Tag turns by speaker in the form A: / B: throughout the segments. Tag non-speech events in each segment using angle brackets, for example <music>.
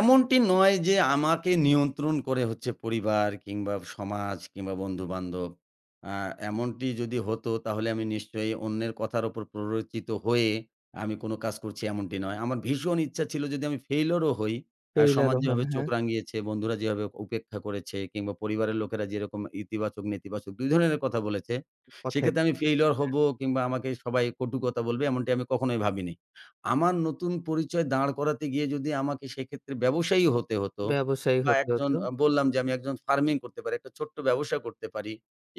A: এমনটি নয় যে আমাকে নিয়ন্ত্রণ করে হচ্ছে পরিবার কিংবা সমাজ কিংবা বন্ধু-বান্ধব। আ এমনটি যদি হতো তাহলে আমি নিশ্চয়ই অন্যের কথার উপর প্ররোচিত হয়ে আমি কোনো কাজ করছি এমনটি নয়। আমার ভীষণ ইচ্ছা ছিল যদি আমি ফেইলিউর ও হই আ সমাজ
B: টেইলারও হন,
A: যেভাবে চোখ
B: হ্যাঁ।
A: রাঙিয়েছে, বন্ধুরা যেভাবে উপেক্ষা করেছে কিংবা পরিবারের লোকেরা যেরকম ইতিবাচক-নেতিবাচক ২ ধরনের কথা বলেছে,
B: কথায়,
A: সেক্ষেত্রে আমি ফেইলিউর
B: হ্যাঁ।
A: হব কিংবা আমাকে সবাই কটু কথা বলবে এমন কখনোই ভাবিনি। আমার নতুন পরিচয় দাঁড় করাতে গিয়ে যদি আমাকে সেক্ষেত্রে ব্যবসায়ী হতে হত,
B: ব্যবসায়ী
A: বা
B: হতে
A: একজন
B: হতো।
A: আ বললাম যে আমি একজন ফার্মিং করতে পারি, একটা ছোট্ট ব্যবসা করতে পারি।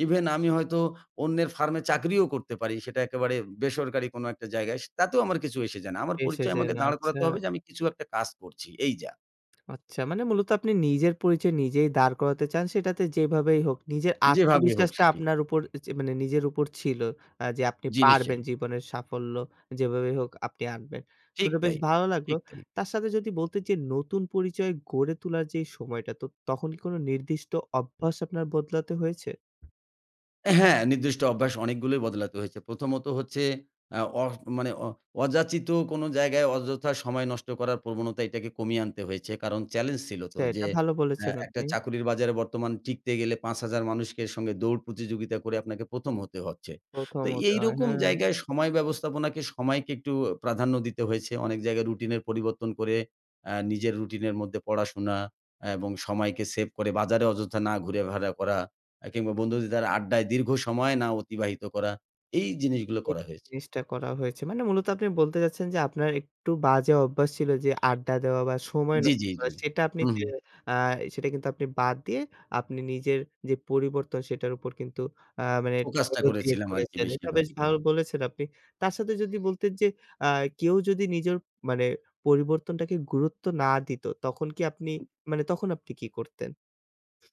A: ইভেন আমি হয়তো অন্যের ফার্মে চাকরিও করতে পারি। সেটা একেবারে বেসরকারি কোনো একটা জায়গায়, স তাতেও আমার কিছু এসে যায় না। আমার পরিচয়
B: এসেছেন,
A: আমাকে দাঁড়
B: আচ্ছা।
A: করাতে হবে যে, আমি কিছু একটা কাজ করছি, এই যা।
B: <smacks lips> আচ্ছা মানে মূলত আপনি নিজের পরিচয় নিজেই দাঁড় করাতে চান সেটাতে যেভাবেই হোক, নিজের
A: যেভাবেই হোক
B: আত্মবিশ্বাসটা
A: সেটি।
B: আপনার উপর চে মানে নিজের উপর ছিল, আ যে আপনি
A: জি,
B: পারবেন
A: নিশ্চয়ই।
B: জীবনের সাফল্য যেভাবেই হোক আপনি আনবেন।
A: ঠিক
B: শুনে বেশ
A: তাই,
B: ভালো লাগলো
A: ঠিক তাই।
B: তার সাথে যদি বলতে যে নতুন পরিচয় গড়ে তোলার যে সময়টা তো তখন কি কোনো নির্দিষ্ট অভ্যাস আপনার বদলাতে হয়েছে?
A: হ্যাঁ, নির্দিষ্ট অভ্যাস অনেকগুলোই বদলাতে হয়েছে। প্রথমত হচ্ছে অ্যা অড মানে অ অযাচিত কোনো জায়গায় অযথা সময় নষ্ট করার প্রবণতা এটাকে কমিয়ে আনতে হয়েছে। কারণ চেলেঞ্জ ছিল
B: ছে
A: তো
B: এটা
A: যে
B: ভালো
A: অ্যা
B: বলেছেন
A: একটা
B: আপনি।
A: চাকরির বাজারে বর্তমান টিকতে গেলে ৫,০০০ মানুষকে সঙ্গে দৌড় প্রতিযোগিতা করে আপনাকে ১ম হতে হচ্ছে।
B: ১ম
A: তো
B: হতে হয়,
A: এইরকম
B: হ্যাঁ।
A: জায়গায় সময় ব্যবস্থাপনাকে সময়কে একটু প্রাধান্য দিতে হয়েছে। অনেক জায়গায় রুটিনের পরিবর্তন করে আ নিজের রুটিন এর মধ্যে পড়াশোনা এবং সময়কে সেভ করে বাজারে অযথা না ঘুরাফেরা করা, অ্যা কিংবা বন্ধুদের আড্ডায় দীর্ঘ সময় না অতিবাহিত করা, এই জিনিসগুলো
B: এই
A: করা হয়েছে।
B: জিনিসটা করা হয়েছে। মানে মূলত আপনি বলতে চাচ্ছেন যে আপনার একটু বাজে অভ্যাস ছিল যে, আড্ডা দেওয়া বা সময়
A: জি,
B: নষ্ট
A: জি, জি,
B: করা সেটা আপনি
A: হুম,
B: যে
A: হুম।
B: আ সেটা কিন্তু আপনি বাদ দিয়ে আপনি নিজের যে পরিবর্তন সেটার উপর কিন্তু আ মানে
A: ফোকাসটা
B: <unintelligible>
A: করেছিলাম আরকি
B: করেছেন। এটা
A: বেশিরভাগ
B: বেশ
A: প্রায়।
B: ভালো বলেছেন আপনি তার সাথে যদি বলতেন যে, আ কেউ যদি নিজের মানে পরিবর্তনটাকে গুরুত্ব না দিত তখন কি আপনি, মানে তখন আপনি কি করতেন?